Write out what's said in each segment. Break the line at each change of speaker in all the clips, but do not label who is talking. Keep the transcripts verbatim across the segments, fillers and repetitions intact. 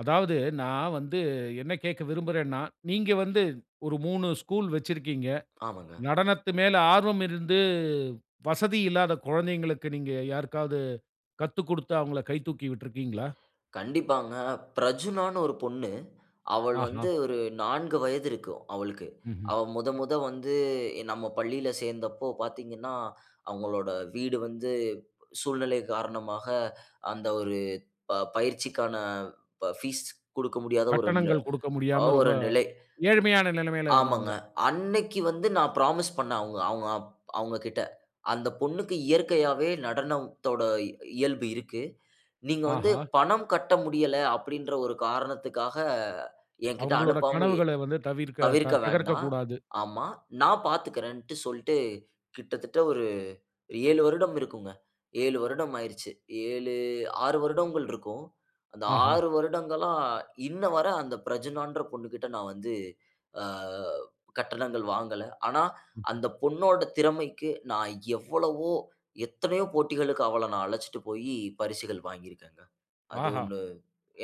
அதாவது, நான் வந்து என்ன கேட்க விரும்புறேன்னா, நீங்க வந்து ஒரு மூணு ஸ்கூல் வச்சிருக்கீங்க.
ஆமாங்க.
நடனத்து மேல ஆர்வம் இருந்து, வசதி இல்லாத குழந்தைகளுக்கு, நீங்க யாருக்காவது கத்துக்குடுத்து, அவுங்கள கை தூக்கி விட்டுருக்கீங்களா?
கண்டிப்பாங்க. பிரஜுனான்னு ஒரு பொண்ணு. அவள்
ஆஹா!
வந்து ஒரு நாங்கு வயது இருக்கும், அவளுக்கு.
ம்ஹ்ம்.
அவ மொத, மொத வந்து நம்ம பள்ளியில சேர்ந்தப்போ பார்த்தீங்கன்னா, அவுங்களோட வீடு வந்து சூழ்நிலை காரணமாக, அந்த ஒரு ப பயிற்சிக்கான ப பீஸ் குடுக்க முடியாத ஒரு நில
கட்டணங்கள் குடுக்க
அ
முடியாம,
ஒரு
ரொம்ப
நிலை.
ஏழ்மையான நிலமையில இருந்தவங்க.
ஆமங்க. அன்னைக்கு வந்து நான் புராமிஸ் பண்ணேன், அவுங்க அவுங்க அப் அவுங்ககிட்ட. அந்த பொண்ணுக்கு இயற்கையாவே நடனம்த்தோட இ இயல்பு இருக்கு. நீங்க வந்து
ஆஹா!
பணம் கட்ட முடியல அப்பிடீன்ற ஒரு காரணத்துக்காக என்கிட்ட
அவுங்களோட
அனுப்பாம
கனவுகள வந்து தவிர்க்க த
தவிர்க்க
தகர்க்க
வேண்டா
கூடாது.
ஆமா. நான் பார்த்துக்கிறேன்ட்டு சொல்ட்டு, கிட்டத்தட்ட ஒரு ஏழு வருடம் இருக்குங்க. எழு வருடம் ஆயிருச்சு. ஏழு ஆறு வருடங்கள் இருக்கும். அந்த
ஆஹா!
ஆறு வருடங்களா, இன்ன வர அந்த பிரஜூனான்ற பொண்ணுகிட்ட நான் வந்து ஆ கட்டணங்கள் வாங்கல. ஆனா,
ம்ஹ்ம்.
அந்த பொண்ணோட திறமைக்கு நான் எவ்வளவோ, எத்தனையோ போட்டிகளுக்கு அவள நான் அழைச்சிட்டு போயி, பரிசுகள் வாங்கி இருக்கேங்க. அது
ஆஹா!
ஒண்ணு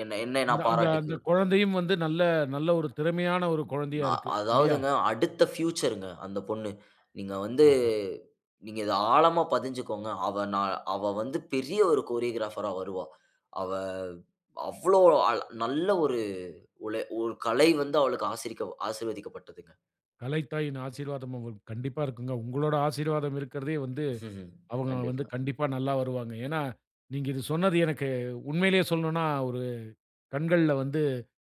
என்னை என்னை
அந்த
நான்
அந்த அந்த
பாராட்டிக்கும்.
குழந்தையும் வந்து நல்ல நல்ல ஒரு திறமையான ஒரு குழந்தையா
அ
இருக்கு. இல்லியா?
அதாவதுங்க, அடுத்த பியூச்சருங்க அந்த பொண்ணு. நீங்க வந்து
ஆஹா!
நீங்க இத ஆழமா பதிஞ்சுக்கோங்க. அவ நா அவ வந்து பெரிய ஒரு கோரியோகிராபரா வருவா. அவ, அவ்வளோ அல் நல்ல ஒரு உழை உ கலை வந்து அவளுக்கு ஆசிரிக்க ஆசீர்வதிக்கப்பட்டதுங்க.
கலைத்தாயின் ஆசீர்வாதம் அவுங்களுக்கு கண்டிப்பா இருக்குங்க. உங்களோட ஆசீர்வாதம் இருக்கிறதே வந்து, அவுங்க வந்து
கண்டிப்பா.
கண்டிப்பா நல்லா வருவாங்க. ஏன்னா, நீங்க இது சொன்னது எனக்கு உண்மையிலேயே சொல்லணும்னா, ஒரு கண்கள்ல வந்து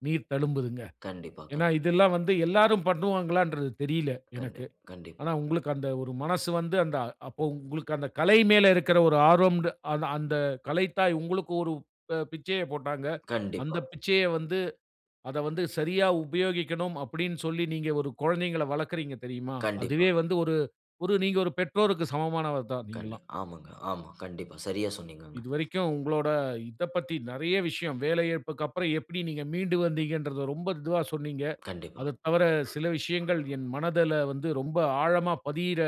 நீர் தழும்புதுங்க.
கண்டிப்பா,
ஏன்னா,
கண்
இதெல்லாம் வந்து எல்லாரும் பண்ணுவாங்களான்றது தெரியல, எனக்கு.
கண்டிப் கண்டிப்பா.
ஆனா, உங்களுக்கு அந்த ஒரு மனசு வந்து, அந்த அப்போ உங்களுக்கு அந்த கலை மேல இருக்கிற ஒரு ஆர்வம்ன்டு அத அந்த கலைத்தாய் உங்களுக்கு ஒரு அ பிச்சைய போட்டாங்க.
கண்டிப்பா.
அந்த பிச்சைய வந்து அத வந்து சரியா உபயோகிக்கணும் அப்பிடீன்னு சொல்லி, நீங்க ஒரு குழந்தைகள வளர்க்குறீங்க தெரியுமா,
கண்டிப்பா.
அதுவே வந்து ஒரு ஒரு நீங்க ஒரு பெற்றோருக்கு சமமானவர் தான், நீங்கல்லாம்.
கண்டிப்பா. ஆமாங்க, ஆமா. கண்டிப்பா, சரியா சொன்னீங்கங்க.
இதுவரைக்கும் உங்களோட இத பத்தி நிறைய விஷயம், வேலை இழப்புக்கப்புறம் எப்டி நீங்க மீண்டு வந்தீங்கன்றத ரொம்ப இதுவா சொன்னீங்க.
கண்டிப்பா.
அதத் தவர, சில விஷயங்கள் என் மனதுல வந்து ரொம்ப ஆழமா பதியிற,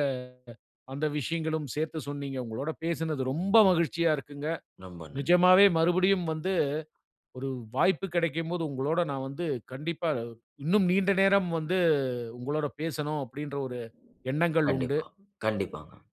அந்த விஷயங்களும் சேர்த்து சொன்னீங்க. உங்களோட பேசினது ரொம்ப மகிழ்ச்சியா இருக்குங்க.
நொம்ப நன்
நிஜமாவே மறுபடியும் வந்து ஒரு வாய்ப்பு கிடைக்கும் போது, உங்களோட நான் வந்து கண்டிப்பா, இன்னும் நீண்ட நேரம் வந்து உங்களோட பேசணும் அப்பிடீன்ற ஒரு எண்ணங்கள் உண்டு.
கண்டிப்பா, கண்டிப்பாங்க.